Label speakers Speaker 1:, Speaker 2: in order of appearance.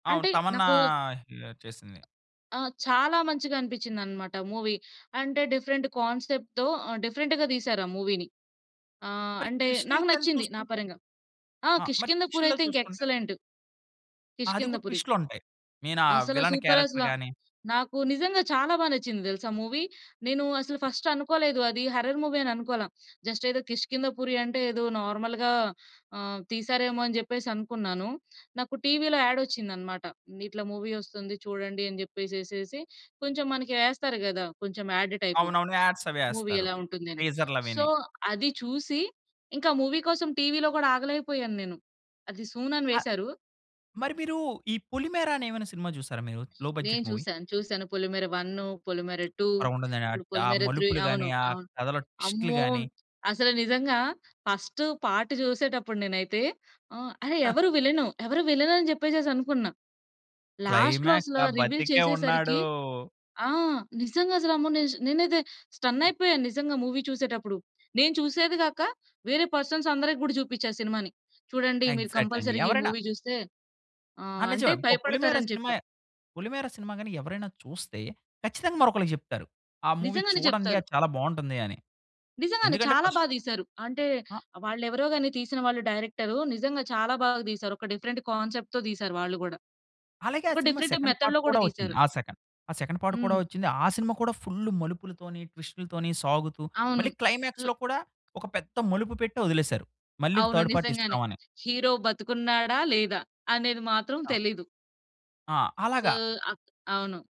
Speaker 1: అవును.
Speaker 2: అంటే
Speaker 1: తమన్నా
Speaker 2: నాకూ
Speaker 1: హియా చేసింది.
Speaker 2: ఆ! చాలా మంచిగా అనిపిచ్చిందనమాట మూవీ. అంటే, డిఫరెంట్ కాన్సెప్ట్‌తో ఆహ్, డిఫరెంట్‌గా దీశారు ఆ మూవీని. ఆహ్,
Speaker 1: మరి
Speaker 2: అంటే, నాకు
Speaker 1: ట్విస్టులకెళ్ళి
Speaker 2: నచ్చింది నా
Speaker 1: చూసుకుంటే?
Speaker 2: పరంగా. ఆ!
Speaker 1: ఆ! మరి
Speaker 2: 'కిష్కింధపురి'
Speaker 1: ట్విస్టుల్లో
Speaker 2: అయితే ఇంక
Speaker 1: చూసుకుంటే?
Speaker 2: ఎక్సలెంటు.
Speaker 1: అది కూడా
Speaker 2: కిష్కింధపురి.
Speaker 1: ట్విస్టులుంటాయి. మెయినా
Speaker 2: అసల
Speaker 1: విలన్
Speaker 2: సూపరసల.
Speaker 1: క్యారెక్టర్ గాని.
Speaker 2: నాకు నిజంగా, చాలా బా నచ్చింది దెలుసా మూవీ. నేను అసలు ఫస్టనుకోలేదు, అది హర్రర్ మూవీ అననుకోల. జస్టేదో కిష్కిందపురి అంటే, ఏదో నార్మల్‌‌గా ఆహ్, తీశారేమో అని జెప్పేసనుకున్నాను. నాకు టీవిలో యాడొచ్చిందనమాట. ఇట్లా మూవీ ఒస్తుంది, చూడండి అని జెప్పేసేసేసి, కొంచెం మనకి యేస్తారు గదా! కొంచెం యాడ్ టైపు.
Speaker 1: అవునవును. యాడ్సవీ
Speaker 2: మూవీ
Speaker 1: యాస్తారు.
Speaker 2: ఎలా ఉంటుందని. సో,
Speaker 1: టీజర్లవీని.
Speaker 2: అది చూసి, ఇంకా మూవీ కోసం, టీవీలో గూడా ఆగలేకపోయాను నేను. అది సూన్ అని
Speaker 1: ఆ!
Speaker 2: వేసారూ.
Speaker 1: మరి మీరూ, ఈ 'పులిమేర' అనేమన్నా సినిమా జూసారా మీరు? లో
Speaker 2: నేను
Speaker 1: బడ్జెట్ మూవీ.
Speaker 2: చూసాను, చూసాను. పొలిమేర 1, పొలిమేర 2,
Speaker 1: భలే ఉంటుందండి.
Speaker 2: ఇప్పుడు
Speaker 1: ఆ
Speaker 2: 'పొలిమేర 3'
Speaker 1: మలుపులు
Speaker 2: అవును.
Speaker 1: గాని, ఆ
Speaker 2: అవును.
Speaker 1: కథలో ట్విస్టులు
Speaker 2: అమ్మో!
Speaker 1: గాని.
Speaker 2: అసలు నిజంగా ఫస్టు పార్ట్ జూసేటప్పుడు నేనైతే ఆహ్, అరె! ఎవరు విలను? ఎవరు విలనని జెప్పేసేసనుకున్నా. లాస్ట్‌లో
Speaker 1: క్లైమాక్స్
Speaker 2: అసల
Speaker 1: ఆ
Speaker 2: రివీల్
Speaker 1: బతికే
Speaker 2: చేసేసరికీ
Speaker 1: ఉన్నాడూ.
Speaker 2: ఆ! నిజంగసలు అమ్మో! నేజ్ నేనైతే స్టన్నయిపోయా, నిజంగా మూవీ చూసేడప్పుడు. నేను చూసేది గాక, వేరే పర్సన్సందరికి గూడా జూపిచ్చా సినిమాని. చూడండి మీరు
Speaker 1: ఎగ్జాక్టండి.
Speaker 2: కంపల్సరిగా ఈ
Speaker 1: ఎవరైనా
Speaker 2: మూవీ జూస్తే
Speaker 1: ఆ!
Speaker 2: ఆహ్, అంటే
Speaker 1: నిజమే. పొ పొలిమేర
Speaker 2: భయపడతారని జెప్పా.
Speaker 1: సినిమాయే పొలిమేర సినిమా గాని ఎవరైనా చూస్తే, ఖచ్చితంగా మరొకళ్ళకి జెప్తారు. ఆ మూవీ
Speaker 2: నిజంగానే
Speaker 1: చూడండి,
Speaker 2: చెప్తారు.
Speaker 1: అది చాలా బాగుంటుంది అని.
Speaker 2: నిజంగానే
Speaker 1: ఎందుకంటే
Speaker 2: చాలా
Speaker 1: ఫస్
Speaker 2: బా దీశారు. అంటే,
Speaker 1: ఆ!
Speaker 2: ఆహ్, వాళ్ళెవరో గాని, తీసిన వాళ్ళు డైరెక్టరు, నిజంగా చాలా బాగా తీశారు. ఒక డిఫరెంట్ కాన్సెప్ట్‌తో తీసారు వాళ్ళు గూడా.
Speaker 1: అలాగే ఆ
Speaker 2: ఒక
Speaker 1: సినిమా
Speaker 2: డిఫరెంట్ టైప్
Speaker 1: సెకండ్ పార్ట్
Speaker 2: మెథడ్‌లో గూడా
Speaker 1: కూడా ఒచ్చింది.
Speaker 2: దీశారు.
Speaker 1: ఆ! సెకండ్. ఆ! సెకండ్ పార్ట్ కూడా
Speaker 2: హ్మ్.
Speaker 1: వచ్చింది. ఆ సినిమా కూడా ఫుల్లు మలుపులతోని, ట్విస్టులతోని సాగుతూ,
Speaker 2: అవును.
Speaker 1: మళ్ళి
Speaker 2: ఉ
Speaker 1: క్లైమాక్స్‌లో కూడా, ఒక పెద్ద మలుపు పెట్టి ఒదిలేసారు. మళ్ళీ
Speaker 2: అవును.
Speaker 1: థర్డ్
Speaker 2: నిజంగానే.
Speaker 1: పార్టిస్తాం అని.
Speaker 2: హీరో బతికున్నాడా? లేదా? అనేది మాత్రం
Speaker 1: ఆ!
Speaker 2: తెలీదు.
Speaker 1: ఆ!
Speaker 2: సో,
Speaker 1: అలగా.
Speaker 2: అ అవును.